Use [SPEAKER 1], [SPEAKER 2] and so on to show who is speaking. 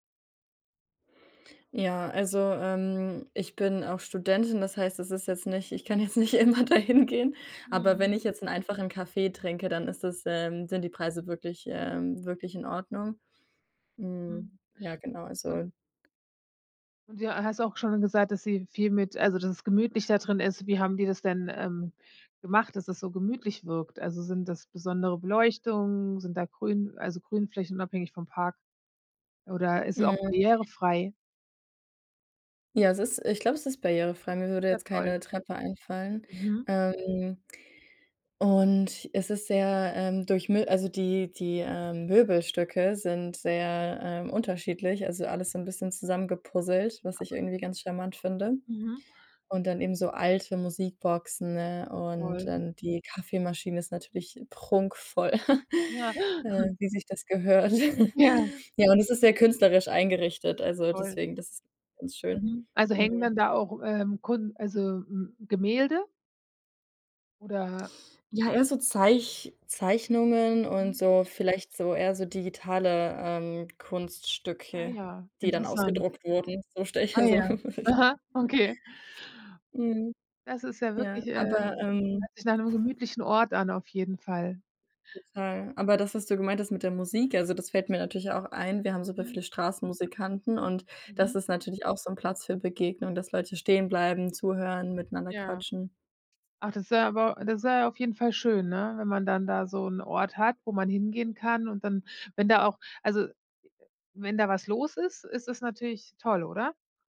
[SPEAKER 1] Ja, also, ähm, ich bin auch Studentin, das heißt, das ist jetzt nicht ich kann jetzt nicht immer da hingehen. Aber wenn
[SPEAKER 2] Mhm.
[SPEAKER 1] ich jetzt 'n einfachen Kaffee trinke, dann ist das ähm, sind die Preise wirklich ähm, wirklich in Ordnung.
[SPEAKER 2] Mhm.
[SPEAKER 1] Hm, ja, genau,
[SPEAKER 2] Un
[SPEAKER 1] also
[SPEAKER 2] Du hast auch schon gesagt, dass sie viel mit also, dass es gemütlich da drin ist. Wie haben die das denn, ähm, gemacht, dass das so gemütlich wirkt? Also, sind das besondere Beleuchtung, sind da grün also, Grünflächen unabhängig vom Park oder ist es auch
[SPEAKER 1] Mhm.
[SPEAKER 2] barrierefrei?
[SPEAKER 1] Ja, es ist ich glaube, es ist barrierefrei. Mir
[SPEAKER 2] Ist
[SPEAKER 1] würde
[SPEAKER 2] ja
[SPEAKER 1] jetzt
[SPEAKER 2] toll.
[SPEAKER 1] keine Treppe einfallen,
[SPEAKER 2] Mhm.
[SPEAKER 1] ähm, und es ist sehr, ähm, durchmi also, die die, ähm, Möbelstücke sind sehr, ähm, unterschiedlich, also alles so 'n bisschen zusammengepuzzelt, was ich irgendwie ganz charmant finde.
[SPEAKER 2] Mhm.
[SPEAKER 1] Und dann eben so alte Musikboxen, ne und
[SPEAKER 2] Toll.
[SPEAKER 1] dann die Kaffeemaschine ist natürlich prunkvoll,
[SPEAKER 2] Ja.
[SPEAKER 1] äh, wie sich das gehört.
[SPEAKER 2] Ja.
[SPEAKER 1] Ja, und es ist sehr künstlerisch eingerichtet, also
[SPEAKER 2] Toll.
[SPEAKER 1] deswegen, das ist ganz schön,
[SPEAKER 2] Mhm, also, hängen
[SPEAKER 1] mhm.
[SPEAKER 2] dann da auch, ähm, Kun also, m Gemälde? Oder
[SPEAKER 1] Ja eher so Zeich Zeichnungen und
[SPEAKER 2] Mhm.
[SPEAKER 1] so vielleicht so eher so digitale, ähm,
[SPEAKER 2] Ah
[SPEAKER 1] Kunststücke,
[SPEAKER 2] ja,
[SPEAKER 1] die dann
[SPEAKER 2] interessant.
[SPEAKER 1] ausgedruckt wurden, so stelle ich
[SPEAKER 2] Ah
[SPEAKER 1] mir so
[SPEAKER 2] ja,
[SPEAKER 1] [unintelligible]
[SPEAKER 2] aha, okay.
[SPEAKER 1] Mhm,
[SPEAKER 2] Das ist ja
[SPEAKER 1] ja
[SPEAKER 2] wirklich ähm,
[SPEAKER 1] aber, ähm
[SPEAKER 2] hört sich nach 'nem gemütlichen Ort an auf jeden Fall.
[SPEAKER 1] Total, aber das, was du gemeint hast mit der Musik, also, das fällt mir natürlich auch ein. Wir haben super
[SPEAKER 2] Mhm.
[SPEAKER 1] viele Straßenmusikanten und das
[SPEAKER 2] Mhm.
[SPEAKER 1] ist natürlich auch so 'n Platz für Begegnungen, dass Leute stehen bleiben, zuhören, miteinander
[SPEAKER 2] Ja,
[SPEAKER 1] quatschen.
[SPEAKER 2] ach das wäre aber das wäre ja auf jeden Fall schön, ne, wenn man dann da so 'nen Ort hat, wo man hingehen kann und dann wenn da auch also, wenn da was los ist, ist es natürlich toll, oder?